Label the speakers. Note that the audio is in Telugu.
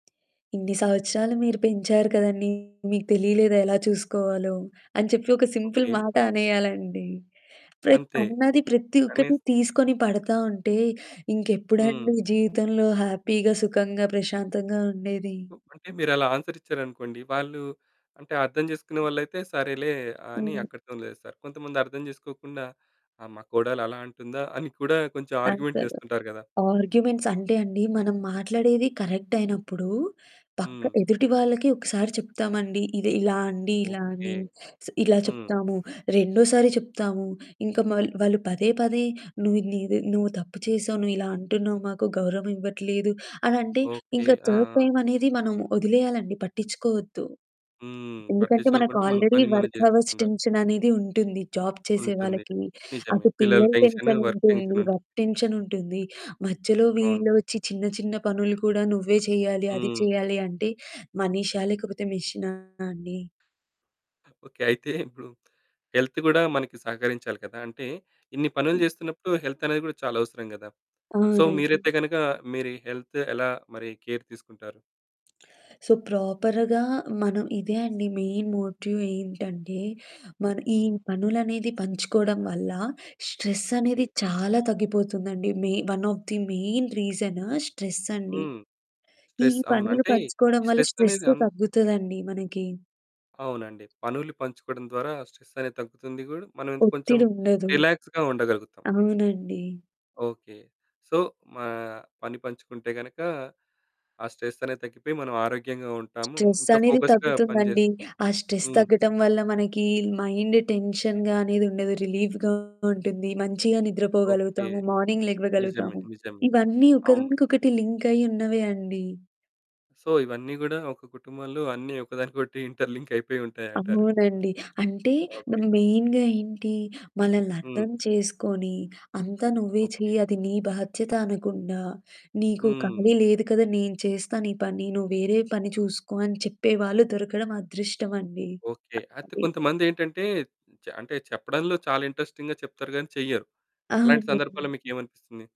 Speaker 1: "ఇన్ని సంవత్సరాలు మీరు పెంచారు కదండీ! మీకు తెలియలేదా ఎలా చూసుకోవాలో" అని చెప్పి ఒక సింపుల్
Speaker 2: ఓకే.
Speaker 1: మాట అనేయాలండి. ప్రత్
Speaker 2: అంతే,
Speaker 1: అన్నది ప్రత్తి ఒక్కటి
Speaker 2: అనేసి
Speaker 1: తీసుకొని పడతా ఉంటే
Speaker 2: హ్మ్.
Speaker 1: ఇంకెప్పుడండి జీవితంలో హ్యాపీగా, సుఖంగా, ప్రశాంతంగా ఉండేది?
Speaker 2: హ్మ్. అంటే మీరు అలా ఆన్సర్ ఇచ్చారనుకోండి, వాళ్ళు అంటే అర్థం చేసుకునే వాళ్ళైతే, సరేలే అని
Speaker 1: హ్మ్.
Speaker 2: అక్కడితోని లేస్తారు. కొంతమంది అర్థం చేసుకోకుండా "ఆ మా కోడలు అలా అంటుందా?" అని కూడా కొంచెం ఆర్గ్యూమెంట్
Speaker 1: అస్సలు.
Speaker 2: చేస్తుంటారు కదా!
Speaker 1: ఆర్గ్యుమెంట్స్ అంటే అండి మనం మాట్లాడేది కరెక్ట్ అయినప్పుడు పక్క
Speaker 2: హ్మ్.
Speaker 1: ఎదుటి వాళ్ళకి ఒకసారి చెప్తామండి, "ఇది ఇలా అండి ఇలా"
Speaker 2: ఓకే.
Speaker 1: అని. స్ ఇలా
Speaker 2: హ్మ్.
Speaker 1: చెప్తాము, రెండోసారి చెప్తాము. ఇంక మళ్ వాళ్ళు పదే, పదే "నువ్విది నీది నువ్వు తప్పు చేసావు, నువ్విలా అంటున్నావు, మాకు గౌరవం ఇవ్వట్లేదు." అలా అంటే,
Speaker 2: ఓకే.
Speaker 1: ఇంక
Speaker 2: ఆ!
Speaker 1: థర్డ్
Speaker 2: ఆ!
Speaker 1: టైమ్ అనేది మనం వదిలేయాలండి, పట్టించుకోవద్దు.
Speaker 2: హ్మ్.
Speaker 1: ఎందుకంటే మనకు
Speaker 2: పట్టించుకోకుండా మన
Speaker 1: ఆల్రెడీ
Speaker 2: పని మనం
Speaker 1: వర్క్ హవర్స్
Speaker 2: చేస్తుండా
Speaker 1: టెన్షననేది ఉంటుంది జాబ్ చేసే
Speaker 2: ఉంటుంది.
Speaker 1: వాళ్ళకి.
Speaker 2: నిజమే.
Speaker 1: అటు
Speaker 2: పిల్లల
Speaker 1: పిల్లల
Speaker 2: టెన్క్షను,
Speaker 1: టెన్షన్
Speaker 2: వర్క్
Speaker 1: ఉంటుంది,
Speaker 2: టెన్షనుంటుంది.
Speaker 1: వర్క్ టెన్షన్ ఉంటుంది. మధ్యలో
Speaker 2: అవును.
Speaker 1: వీళ్ళ ఒచ్చి చిన్న, చిన్న పనులు కూడా నువ్వే చేయాలి, అది
Speaker 2: హ్మ్.
Speaker 1: చేయాలి అంటే మనిషా లేకపోతే మెషినా అండి?
Speaker 2: ఓకే. అయితే ఇప్పుడు హెల్త్ కూడా మనకి సహకరించాలి కదా! అంటే, ఇన్ని పనులు చేస్తున్నప్పుడు హెల్తనేది కూడా చాలా అవసరం గదా! సో,
Speaker 1: అవునండి.
Speaker 2: మీరైతే గనక మీరీ హెల్త్ ఎలా మరి కేర్ తీసుకుంటారు?
Speaker 1: సో, ప్రాపర్‌గా మనం ఇదే అండి మెయిన్ మోట్యు ఏంటంటే, మన ఈ
Speaker 2: హ్మ్.
Speaker 1: పనులనేది పంచుకోవడం వల్ల స్ట్రెస్ అనేది
Speaker 2: ఓకే.
Speaker 1: చాలా తగ్గిపోతుందండి. మెయి one of the main reason స్ట్రెసండి.
Speaker 2: హ్మ్.
Speaker 1: ఈ
Speaker 2: స్ట్రెస్ అవును.
Speaker 1: పనులు
Speaker 2: అంటే
Speaker 1: పంచుకోవడం
Speaker 2: ఈ
Speaker 1: వల్ల
Speaker 2: స్ట్రెస్ అనేది
Speaker 1: స్ట్రెస్సు
Speaker 2: అం
Speaker 1: తగ్గుతదండి మనకి.
Speaker 2: అవునండి. పనులు పంచుకోవడం ద్వారా స్ట్రెస్ అనేది తగ్గుతుంది గూడా మనం ఇంత కొంచెం
Speaker 1: ఒత్తిడి ఉండదు.
Speaker 2: రిలాక్స్‌గా ఉండగలుగుతాం.
Speaker 1: అవునండి.
Speaker 2: ఓకే. సో, మా పని పంచుకుంటే గనక ఆ స్ట్రెస్ అనేది తగ్గిపోయి మనం ఆరోగ్యంగా ఉంటాము.
Speaker 1: స్ట్రెస్
Speaker 2: ఇంక
Speaker 1: అనేది
Speaker 2: ఫోకస్‌గా పని జేస్
Speaker 1: తగ్గుతుందండి. ఆ స్ట్రెస్
Speaker 2: హ్మ్.
Speaker 1: తగ్గటం వల్ల మనకి మైండ్ టెన్షన్‌గా అనేది ఉండదు, రిలీఫ్‌గా ఉంటుంది, మంచిగా
Speaker 2: ఓకే.
Speaker 1: నిద్రపోగలుగుతాము. మార్నింగ్ లెగ్వగలుగుతాము.
Speaker 2: నిజమండి, నిజమే.
Speaker 1: ఇవన్నీ
Speaker 2: అవును.
Speaker 1: ఒకదానికొకటి లింకయ్యి ఉన్నవే అండి.
Speaker 2: సో, ఇవన్నీ గూడా ఒక కుటుంబంలో అన్నీ ఒకదానికోటి ఇంటర్ లింక్ అయిపోయి ఉంటాయి అంటారు.
Speaker 1: అవునండి. అంటే ద
Speaker 2: ఓకే.
Speaker 1: మెయిన్‌గా ఏంటి? మనల్ని
Speaker 2: హ్మ్.
Speaker 1: అర్థం చేసుకొని, "అంతా నువ్వే చెయి
Speaker 2: ఓకే.
Speaker 1: అది నీ బాధ్యత" అనకుండా, "నీకు
Speaker 2: హ్మ్.
Speaker 1: ఖాళీ లేదు కదా! నేను చేస్తా నీ పని నువ్వు వేరే పని చూసుకో" అని చెప్పేవాాళ్ళు దొరకడం అదృష్టమండి.
Speaker 2: ఓకే. అయితే
Speaker 1: అది
Speaker 2: కొంతమందేంటంటే చ అంటే చెప్పడంలో చాలా ఇంట్రెస్టింగ్‌గా చెప్తారు గానీ చెయ్యరు. అలాంటి సందర్భాల్లో
Speaker 1: అవునవును.
Speaker 2: మీకేమనిపిస్తుంది?